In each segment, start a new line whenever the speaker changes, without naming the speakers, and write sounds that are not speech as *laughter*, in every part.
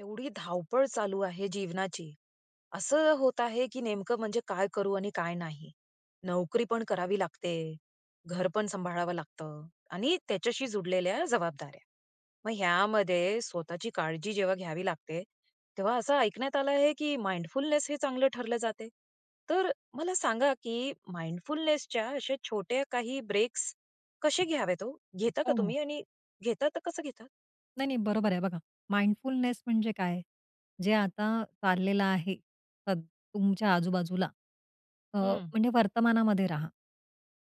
एवढी धावपळ चालू आहे जीवनाची. असं होत आहे, की नेमकं म्हणजे काय करू आणि काय नाही? नोकरी पण करावी लागते, घर पण सांभाळावं लागतं आणि त्याच्याशी जुडलेल्या जबाबदाऱ्या. मग ह्यामध्ये स्वतःची काळजी जेव्हा घ्यावी लागते, तेव्हा असं ऐकण्यात आलं आहे की माइंडफुलनेस हे चांगलं ठरलं जाते. तर अ, मला सांगा की माइंडफुलनेच्या असे छोटे काही ब्रेक्स कशे घ्यावेत हो? घेता का
हो, हो.
तुम्ही? आणि घेता तर कसं घेता?
नाही, नाही, बरोबर आहे. बघा, माइंडफुलनेस म्हणजे काय? जे आता चाललेलं आहे तद तुमच्या आजूबाजूला, अ,
हं.
म्हणजे वर्तमानामध्ये राहा.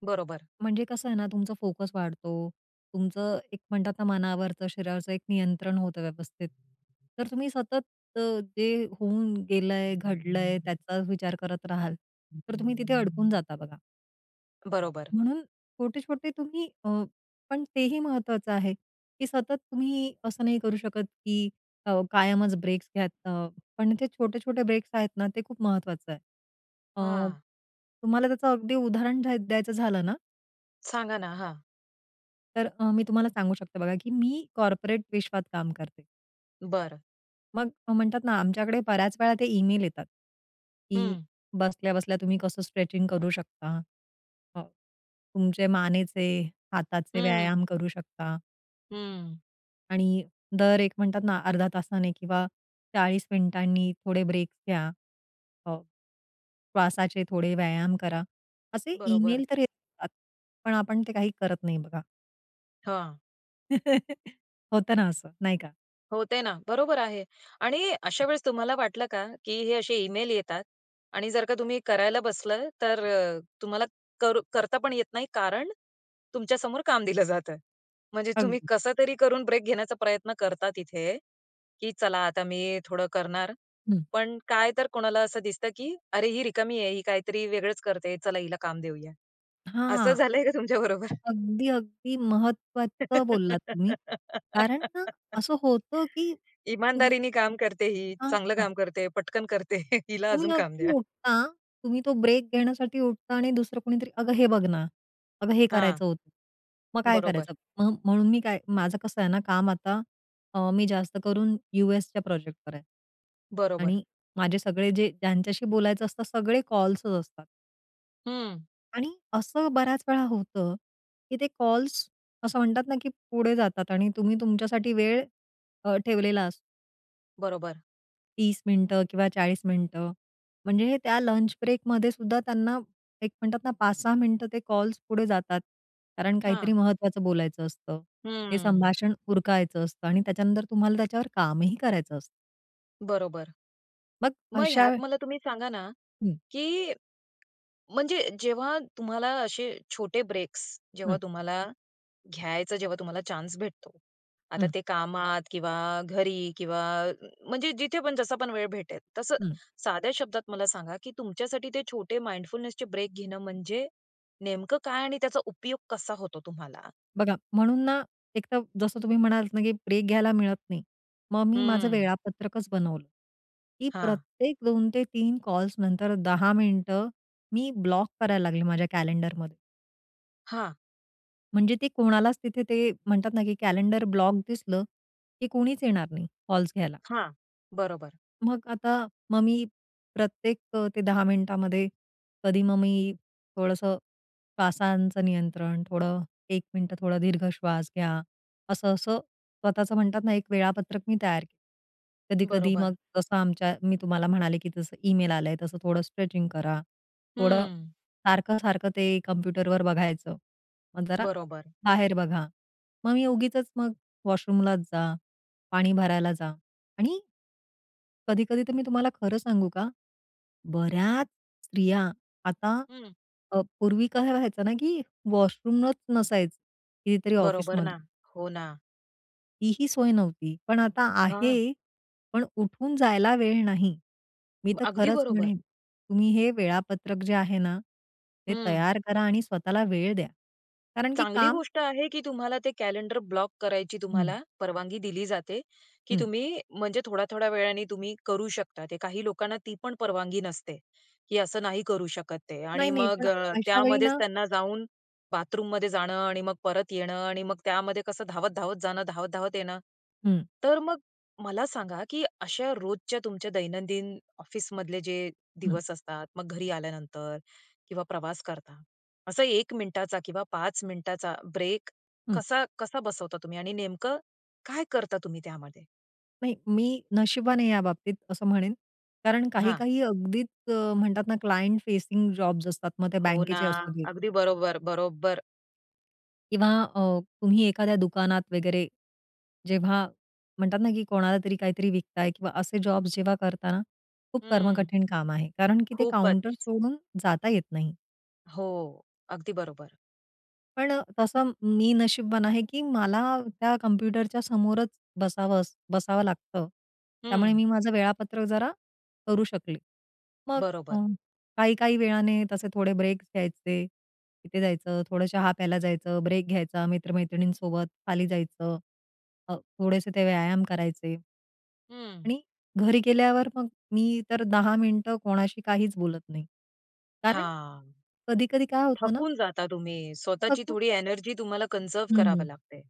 बरोबर.
म्हणजे कसं आहे ना, तुमचा फोकस वाढतो. तुमचं एक म्हणतात ना, मनावरचं, शरीरावरचं एक नियंत्रण होतं व्यवस्थित. तर तुम्ही सतत अ, ते होऊन गेलंय, घडलंय त्याचाच विचार करत राहाल, तर तुम्ही तिथे अडकून जाता बघा.
बरोबर.
म्हणून छोटे-छोटे तुम्ही अ, पण तेही महत्त्वाचं आहे, की सतत तुम्ही असं नाही करू शकत की अ, कायमच ब्रेक्स घ्यात अ, पण ते छोटे-छोटे ब्रेक्स आहेत ना, ते खूप महत्त्वाचं आहे. अ,
हां.
तुम्हाला त्याचं अगदी उदाहरण द्या द्यायचं झालं ना
सांगा ना. हां.
तर अ, मी तुम्हाला सांगू शकते बघा की मी कॉर्पोरेट विश्वात काम करते.
बरं.
मग म्हणतात ना, आमच्याकडे बऱ्याच वेळा ते ईमेल येतात की
हं.
"बसल्या-बसल्या तुम्ही कसं स्ट्रेचिंग करू शकता. अ, तुमचे मानेचे, हाताचे व्यायाम
हं.
करू शकता."
हं.
"आणि दर एक म्हणतात ना 0.5 तासाने किंवा 40 मिनिटांनी थोडे ब्रेक घ्या. अ, श्वासाचे थोडे व्यायाम करा." असे
बरोबर.
ईमेल तर येतात, पण आपण ते काही करत नाही बघा.
हां.
*chuckles* होतं ना असं, नाही का?
होते ना. बरोबर आहे आणि अशावेळेस तुम्हाला वाटलं का? की हे असे ईमेल येतात आणि जर का तुम्ही करायला बसलं, तर अ, तुम्हाला करू करता पण येत नाही, कारण तुमच्यासमोर काम दिलं जातं. म्हणजे तुम्ही
अगदी.
कसं तरी करून ब्रेक घेण्याचा प्रयत्न करता तिथे, की चला आता मी थोडं करणार,
हं.
पण काय तर कोणाला असं दिसतं की "अरे ही रिकामी आहे, ही काही तरी वेगळंच करतेय, चला हिला काम देऊया." असं
हां.
झालंय का तुमच्याबरोबर?
अगदी, अगदी महत्त्वाचं बोललात तुम्ही. कारण ना
*laughs*
असं होतं की तुम्ही
इमानदारीने काम करते ही,
हां,
चांगलं
हां.
काम करते, पटकन करते. *chuckles* हिला
तुम्ही
अजून काम
अगदी
द्या.
उठता, तुम्ही तो ब्रेक घेण्यासाठी उठता आणि दुसरं कोणीतरी, "अगं हे बघ ना. अगं हे
हां.
करायचं होतं. मग काय
बरोबर.
करायचं?" मग म्हणून मी काय माझं कसं आहे ना काम आता अ, मी जास्त करून यूएसच्या प्रोजेक्ट करायचे.
बरोबर.
आणि माझे सगळे जे ज्यांच्याशी बोलायचं असतं, सगळे कॉल्सच असतात.
हं.
आणि असं बऱ्याच वेळा होतं, की ते कॉल्स असं म्हणतात ना, की पुढे जातात आणि तुम्ही तुमच्यासाठी वेळ अ, ठेवलेला असतो.
बरोबर.
30 मिनिटं किंवा 40 मिनिटं. म्हणजे हे त्या लंच ब्रेकमध्ये सुद्धा त्यांना, एक म्हणतात ना, 5-6 मिनिटं ते कॉल्स पुढे जातात. कारण काहीतरी
हां.
महत्त्वाचं बोलायचं असतं. ते
हम्म.
संभाषण उरकायच असतं आणि त्याच्यानंतर तुम्हाला त्याच्यावर कामही करायचं असतं.
बरोबर.
मग
मग ह्यात
अशा
मला तुम्ही सांगा ना,
हं.
की म्हणजे जेव्हा तुम्हाला असे छोटे ब्रेक्स जेव्हा
हं.
तुम्हाला घ्यायचं जेव्हा तुम्हाला चान्स भेटतो, आता
हं.
ते कामात किंवा घरी किंवा अ, म्हणजे जिथे पण जसा पण वेळ भेटेल, तसं
हं.
साध्या शब्दात मला सांगा, की तुमच्यासाठी ते छोटे माइंडफुलनेसचे ब्रेक घेणं म्हणजे नेमकं काय? आणि त्याचा उपयोग कसा होतो तुम्हाला?
बघा, म्हणून ना, एक तर जसं तुम्ही म्हणालात ना, की ब्रेक घ्यायला मिळत नाही, मग मी माझं
हं.
वेळापत्रकच बनवलं, की
हां.
प्रत्येक 2-3 कॉल्स नंतर 10 मिनिटं मी ब्लॉक करायला लागले माझ्या कॅलेंडरमध्ये.
हां.
म्हणजे ते कोणालाच तिथे ते म्हणतात ना, की कॅलेंडर ब्लॉक दिसलं, की कोणीच येणार नाही कॉल्स घ्यायला.
हां, बरोबर.
मग आता मग मी प्रत्येक अ, त्या 10 मिनिटांमध्ये कधी मग मी थोडंसं श्वासाचं नियंत्रण, थोडं 1 मिनिटं थोडं दीर्घ श्वास घ्या, असं-असं स्वतःचं म्हणतात ना, एक वेळापत्रक मी तयार केलं. कधी-कधी
बरोबर.
मग तसं आमच्या मी तुम्हाला म्हणाले, की जसं ईमेल आलंय, तसं थोडं स्ट्रेचिंग करा, थोडं
हं.
सारखं-सारखं ते कॉम्प्युटरवर बघायचं, मग जरा
बरोबर.
बाहेर बघा. मग मी उगीचच मग वॉशरूमलाच जा, पाणी भरायला जा आणि कधी-कधी तर मी तुम्हाला खरं सांगू का? बऱ्याच स्त्रिया, आता
हं.
अ, पूर्वी काय व्हायचं ना, की वॉशरूमच नसायचं कितीतरी
बरोबर
ऑफिसमध्ये.
ना, हो ना.
तीही सोय नव्हती, पण आता
हां.
आहे, पण उठून जायला वेळ नाही. मी तर
*unintelligible* अगदी
खरंच
बरोबर.
म्हणेन, तुम्ही हे वेळापत्रक जे आहे ना, ते
हं.
तयार करा आणि स्वतःला वेळ द्या. कारण की
चांगली
काम
गोष्ट आहे, की तुम्हाला ते कॅलेंडर ब्लॉक करायची
हं.
तुम्हाला परवानगी दिली जाते, की
हं.
तुम्ही म्हणजे थोड्या-थोड्या वेळाने तुम्ही करू शकता ते. काही लोकांना ती पण परवानगी नसते, की असं नाही करू शकत ते आणि
नाही-नाही, पण
मग
अशा वेळी
त्यामध्येच
ना
त्यांना जाऊन बाथरूममध्ये जाणं आणि मग परत येणं आणि मग त्यामध्ये कसं धावत-धावत जाणं, धावत-धावत येणं.
हं.
तर मग मला सांगा, की अशा रोजच्या तुमच्या दैनंदिन ऑफिसमधले जे
हं.
दिवस असतात, मग घरी आल्यानंतर किंवा प्रवास करता. असा 1 मिनिटाचा किंवा 5 मिनिटाचा ब्रेक
हं.
कसा कसा बसवता तुम्ही? आणि नेमकं काय करता तुम्ही त्यामध्ये?
नाही, मी नशिबवान आहे या बाबतीत असं म्हणेन कारण काही
हां.
काही अगदीच अ, म्हणतात ना, क्लायंट फेसिंग जॉब्स असतात, मग ते
हो ना,
बँकेचे असू देत.
अगदी बरोबर, बरोबर.
किंवा अ, तुम्ही एखाद्या दुकानात वगैरे जेव्हा म्हणतात ना, की कोणाला तरी काहीतरी विकताय किंवा असे जॉब्स जेव्हा करताना खूप
हं,
कर्मकठीण काम आहे, कारण की ते
खूपच.
काउंटर सोडून जाता येत नाही.
हो, अगदी बरोबर.
पण तसं मी नशिबवान आहे, की मला त्या कॉम्प्युटरच्या समोरच बसावंस बसावं लागतं, त्यामुळे
हं.
मी माझं वेळापत्रक जरा करू शकले. मग अ,
बरोबर.
काही, काही वेळाने तसे थोडे ब्रेक्स घ्यायचे, तिथे जायचं, थोडं चहा प्यायला जायचं, ब्रेक घ्यायचा, मित्र-मैत्रिणींसोबत खाली जायचं, अ, थोडेसे ते व्यायाम करायचे
हं.
आणि घरी गेल्यावर मग मी तर 10 मिनिटं कोणाशी काहीच बोलत नाही. कारण
हां,
कधी-कधी काय होतं ना
थकून जाता तुम्ही स्वतःची
थकून
थोडी एनर्जी तुम्हाला कन्झर्व्ह करावं
हं.
लागतंय.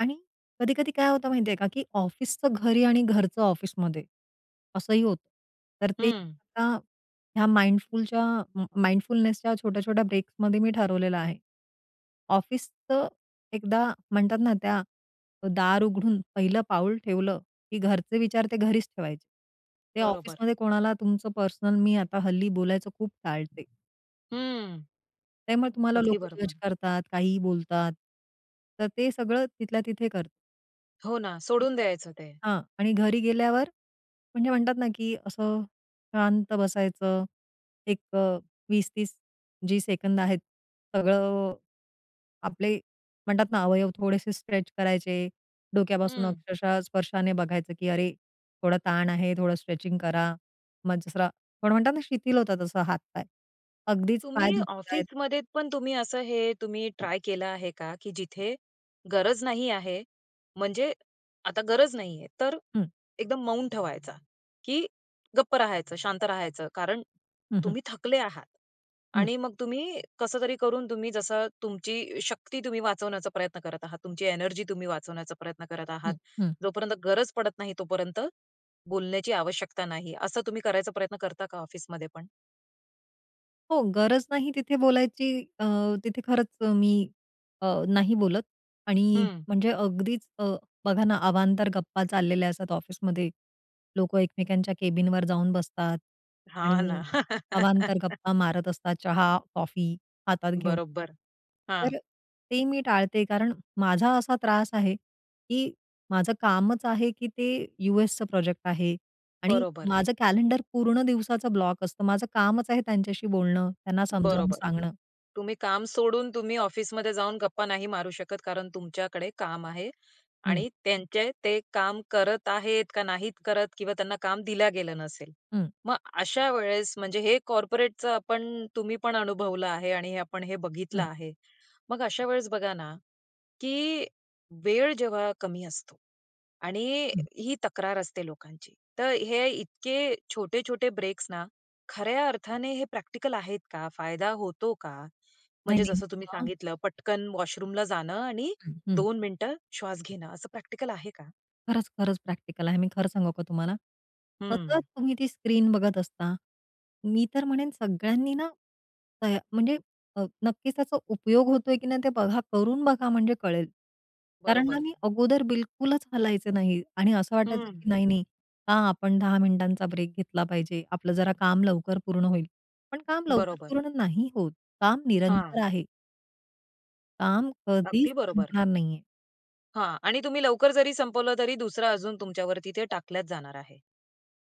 आणि कधी-कधी काय होतं माहिती आहे का, की ऑफिसचं घरी आणि घरचं ऑफिसमध्ये असंही होतं. तर ते
हं.
आता या माइंडफुलच्या माइंडफुलनेसच्या छोट्या छोट्या ब्रेकमध्ये मी ठरवलेलं आहे. ऑफिस तर एकदा म्हणतात ना, त्या दार उघडून पहिलं पाऊल ठेवलं की घरचे विचार ते घरीच ठेवायचे. ते
बरोबर.
ऑफिसमध्ये कोणाला तुमचं पर्सनल मी आता हल्ली बोलायचं खूप टाळते.
हं.
त्यामुळे तुम्हाला
अगदी
लोकं जज
बरोबर.
करतात, काहीही बोलतात. तर ते सगळं तिथल्या तिथे कर.
हो ना.
आई
सोडून
ग!
द्यायचं ते.
हां. आणि घरी गेल्यावर, म्हणजे म्हणतात ना, की असं शांत बसायचं. एक अ, 20-30 जे सेकंद आहेत. सगळं, आपले म्हणतात ना, अवयव थोडेसे स्ट्रेच करायचे. डोक्यापासून
हं.
अक्षरशः स्पर्शाने बघायचं, की अरे, थोडा ताण आहे. थोडं स्ट्रेचिंग करा, मग जसं रा पण म्हणतात ना, शिथिल होतात तसे हातपाय. अगदीच पाय
तुम्ही
दुखतायत.
ऑफिसमध्ये पण तुम्ही असं हे तुम्ही ट्राय केलं आहे का, की जिथे गरज नाही आहे, म्हणजे आता गरज नाहीये. तर
हं.
एकदम मौन ठेवायचं, की गप्प राहायचं, शांत राहायचं? कारण
हं, हं.
तुम्ही थकले आहात
हं.
आणि मग तुम्ही कसं तरी करून तुम्ही जसं तुमची शक्ती तुम्ही वाचवण्याचा प्रयत्न करत आहात, तुमची एनर्जी तुम्ही वाचवण्याचा प्रयत्न करत आहात.
हं, हं.
जोपर्यंत गरज पडत नाही, तोपर्यंत बोलण्याची आवश्यकता नाही, असं तुम्ही करायचा प्रयत्न करता का ऑफिसमध्ये पण?
हो. गरज नाही तिथे बोलायची अ, तिथे खरंच मी अ, नाही बोलत आणि
हं.
म्हणजे अगदीच अ, बघा ना, अवांतर गप्पा चाललेल्या असतात ऑफिसमध्ये, लोक एकमेकांच्या कॅबिनवर जाऊन बसतात
हां
आणि
ना.
अवांतर
*laughs*
गप्पा मारत असतात, चहा-कॉफी हातात घेऊन.
बरोबर. हां.
तर ते मी टाळते. कारण माझा असा त्रास आहे, की माझं कामच आहे, की ते यूएसचं प्रोजेक्ट आहे आणि
बरोबर.
माझं कॅलेंडर पूर्ण दिवसाचा ब्लॉक असतं. माझं कामच आहे त्यांच्याशी बोलणं, त्यांना समजावून
बरोबर.
सांगणं.
तुम्ही काम सोडून तुम्ही ऑफिसमध्ये जाऊन गप्पा नाही मारू शकत, कारण तुमच्याकडे काम आहे
हं.
आणि त्यांचे ते काम करत आहेत का नाहीत करत किंवा त्यांना काम दिलं गेलं नसेल.
हं.
मग अशा वेळेस, म्हणजे हे कॉर्पोरेटचं आपण तुम्ही पण अनुभवलं आहे आणि आपण हे बघितलं
हं.
आहे. मग अशा वेळेस बघा ना, की वेळ जेव्हा कमी असतो. आणि
हं.
ही तक्रार असते लोकांची, तर हे इतके छोटे-छोटे ब्रेक ना खऱ्या अर्थाने हे प्रॅक्टिकल आहेत का? फायदा होतो का?
नाही,
म्हणजे जसं तुम्ही
नाही. *unintelligible*
सांगितलं, पटकन वॉशरूमला जाणं आणि
अहं
2 मिनिटं श्वास घेणं, असं प्रॅक्टिकल आहे का?
खरंच, खरंच. प्रॅक्टिकल आहे. मी खरं सांगू का तुम्हाला, सतत
हं.
तुम्ही ती स्क्रीन बघत असता, मी तर म्हणेन सगळ्यांनी ना, तया म्हणजे अ, नक्कीच त्याचा उपयोग होतोय, की नाही ते बघा. करून बघा, म्हणजे कळेल. कारण ना,
बरोबर.
मी अगोदर बिलकुलच हलायचं नाही आणि असं वाटायचं,
हं.
की नाही, नाही, का आपण 10 मिनिटांचा ब्रेक घेतला पाहिजे? आपलं जरा काम लवकर पूर्ण होईल. पण काम लवकर
बरोबर.
पूर्ण नाही होत. काम निरंतर
हां.
आहे. काम कधीच
अगदी बरोबर.
संपणार नाहीये.
हां. आणि तुम्ही लवकर जरी संपवलं, तरी दुसरं अजून तुमच्यावरती, ते टाकलंच जाणार आहे.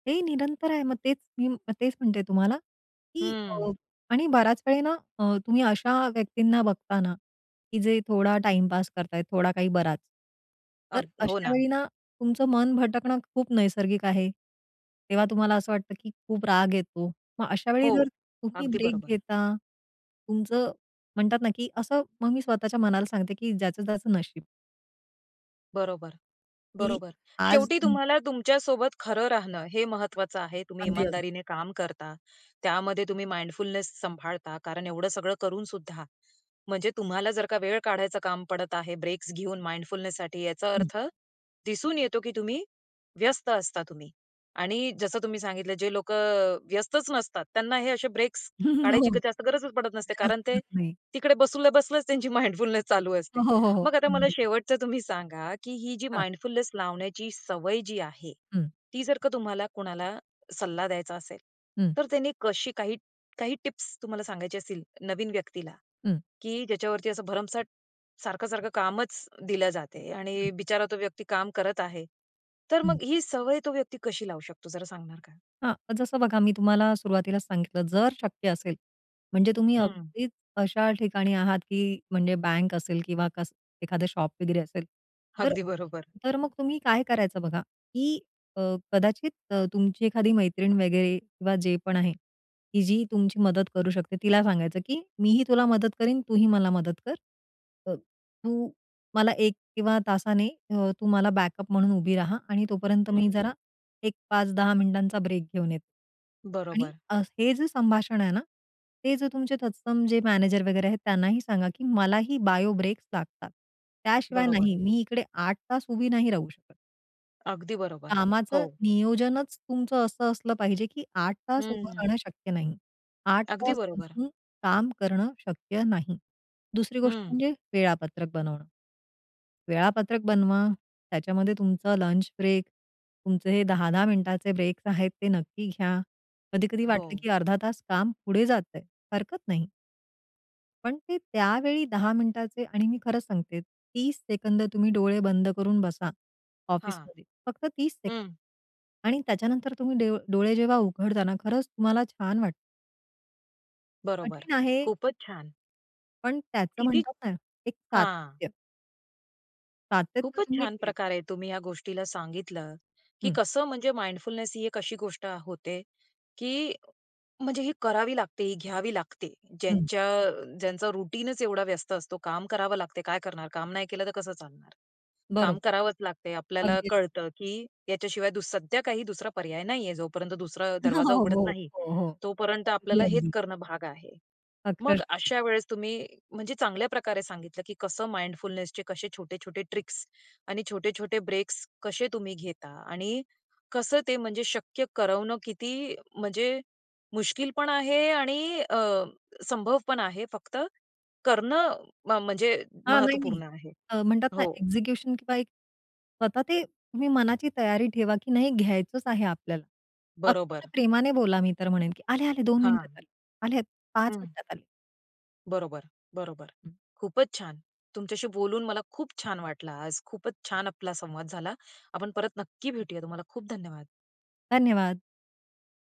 हे निरंतर आहे. मग तेच मी तेच म्हणते तुम्हाला, की अ,
हं.
आणि बऱ्याच वेळी ना अ, तुम्ही अशा व्यक्तींना बघताना, की जे थोडा टाइमपास करतायेत, थोडा काही बराच. तर
अग हो
अश्या
ना.
वेळी ना, तुमचं मन भटकणं खूप नैसर्गिक आहे. तेव्हा तुम्हाला असं वाटतं, की खूप राग येतो. मग अशा वेळी
हो.
जर तुम्ही
अगदी
ब्रेक
बरोबर.
घेता, तुमचं म्हणतात ना, की असं, मग मी स्वतःच्या मनाला सांगते, की "ज्याचं त्याचं नशीब."
बरोबर.
की
बरोबर.
आज
शेवटी
हं.
तुम्हाला तुमच्यासोबत खरं राहणं, हे महत्त्वाचं आहे. तुम्ही
अगदी, अग
इमानदारीने काम करता, त्यामध्ये तुम्ही माइंडफुलनेस सांभाळता, कारण एवढं सगळं करून सुद्धा, म्हणजे तुम्हाला जर का वेळ काढायचं काम पडत आहे, ब्रेक्स घेऊन माइंडफुलनेससाठी याचा
हं.
अर्थ दिसून येतो, की तुम्ही, व्यस्त असता तुम्ही. आणि जसं
अगदी.
तुम्ही सांगितलं, जे लोकं अ, व्यस्तच नसतात, त्यांना हे असे ब्रेक्स
हो.
काढायची जास्त गरजच पडत नसते,
गरज
कारण ते
पडत नाही.
तिकडे बसल्या, बसल्याच त्यांची माइंडफुलनेस चालू
हो,
असते.
हो, हो, हो.
मग आता मला
अगदी.
शेवटचं तुम्ही सांगा, की ही जी
हां.
माइंडफुलनेस लावण्याची सवय जी आहे,
हं.
ती जर का तुम्हाला कुणाला सल्ला द्यायचा असेल,
हं.
तर त्यांनी कशी काही काही टिप्स तुम्हाला सांगायची असतील नवीन व्यक्तीला,
हं.
की ज्याच्यावरती असं भरमसाट सारखं-सारखं असं कामच दिलं जाते
हं.
आणि बिचारा तो व्यक्ती काम करत आहे. तर
हं.
मग ही सवय तो व्यक्ती कशी लावू शकतो, जरा सांगणार का?
हां, जसं बघा मी तुम्हाला सुरुवातीलाच सांगितलं, जर शक्य असेल, म्हणजे तुम्ही
हं.
अगदीच अशा ठिकाणी आहात, की म्हणजे बँक असेल किंवा कसं एखादं शॉप वगैरे असेल. तर
अगदी बरोबर.
तर मग तुम्ही काय करायचं बघा, की अ, कदाचित अ, तुमची एखादी मैत्रीण वगैरे किंवा जे पण आहे, की जी तुमची मदत करू शकते. तिला सांगायचं, की "मी ही तुला मदत करीन, तू ही मला मदत कर, अ, तू मला एक किंवा तासाने अ, तू मला बॅकअप म्हणून उभी राहा आणि तोपर्यंत मी
हं.
जरा एक 5, 10 मिनिटांचा ब्रेक घेऊन येते." आणि
बरोबर.
अ, हे जे संभाषण आहे ना, हे जर तुमचे तत्सम जे मॅनेजर वगैरे आहेत, त्यांनाही सांगा, की मला ही बायो ब्रेक लागतात. त्याशिवाय
बरोबर.
नाही, मी इकडे 8 तास उभी नाही राहू शकत.
अगदी बरोबर.
कामाचं
हो.
नियोजनच तुमचं असं असलं पाहिजे, की 8 तास उभं
हं.
राहणं शक्य नाही. 8
अगदी बरोबर.
बसून काम करणं शक्य नाही. दुसरी गोष्ट
हं.
म्हणजे वेळापत्रक बनवणं. वेळापत्रक बनवा, त्याच्यामध्ये तुमचा लंच ब्रेक, तुमचे हे 10-10 मिनिटांचे ब्रेक आहेत ते नक्की घ्या. कधी-कधी वाटलं,
हो.
की अर्धा तास काम पुढे जातंय. हरकत नाही. पण ते त्यावेळी 10 मिनिटांचे आणि मी खरंच सांगते, 30 सेकंद तुम्ही डोळे बंद करून बसा
हां.
ऑफिसमध्ये, फक्त 30 सेकंद.
हं.
आणि त्याच्यानंतर तुम्ही ड डोळे जेव्हा उघडता ना, खरंच तुम्हाला छान वाटतं.
बरोबर.
कठीण आहे.
खूपच छान!
पण त्याचं
किती,
म्हणतात ना एक
हां.
सातत्य. सातत्य
खूपच
तुम्ही
छान
ठेवा.
प्रकारे तुम्ही या गोष्टीला सांगितलं की
हं.
कसं म्हणजे माइंडफुलनेस ही एक अशी गोष्ट अ, होते की म्हणजे ही करावी लागते, ही घ्यावी लागते.
हं.
ज्यांच्या ज्यांचा रुटीनच एवढा व्यस्त असतो, काम करावे लागते, काय करणार? काम नाही केलं तर कसं चालणार? काम
बरोबर.
करावंच लागते. आपल्याला
अगदी.
कळतं, की याच्याशिवाय दुस सध्या काही दुसरा पर्याय नाही आहे. जोपर्यंत दुसरा
*laughs*
दरवाजा
हो,
उघडत
हो.
नाही
हो.
तोपर्यंत
अगदी,
आपल्याला हेच
अगदी.
करणं भाग आहे. मग
अक्षरशः.
अशा वेळेस तुम्ही, म्हणजे चांगल्या प्रकारे सांगितलं की कसं माइंडफुलनेसचे कसे छोटे-छोटे ट्रिक्स आणि छोटे-छोटे ब्रेक्स कसे तुम्ही घेता? आणि कसं ते म्हणजे शक्य करवणं किती म्हणजे मुश्किल पण आहे आणि अ, संभव पण आहे, फक्त करणं म म्हणजे
हां. नाही, नाही.
महत्त्वपूर्ण आहे.
अ, म्हणतात ना
हो.
एक्झिक्युशन किंवा एक स्वतः ते तुम्ही मनाची तयारी ठेवा, की नाही घ्यायचंच आहे आपल्याला. अतिशय
बरोबर.
प्रेमाने बोला. मी तर म्हणेन की आले, आले, 2 मिनिटांत
हां.
आले. आले, 5
हं.
मिनिटांत आले.
बरोबर, बरोबर. खूपच छान! तुमच्याशी बोलून मला खूप छान वाटलं आज. खूपच छान आपला संवाद झाला. आपण परत नक्की भेटूया, तुम्हाला खूप धन्यवाद.
धन्यवाद.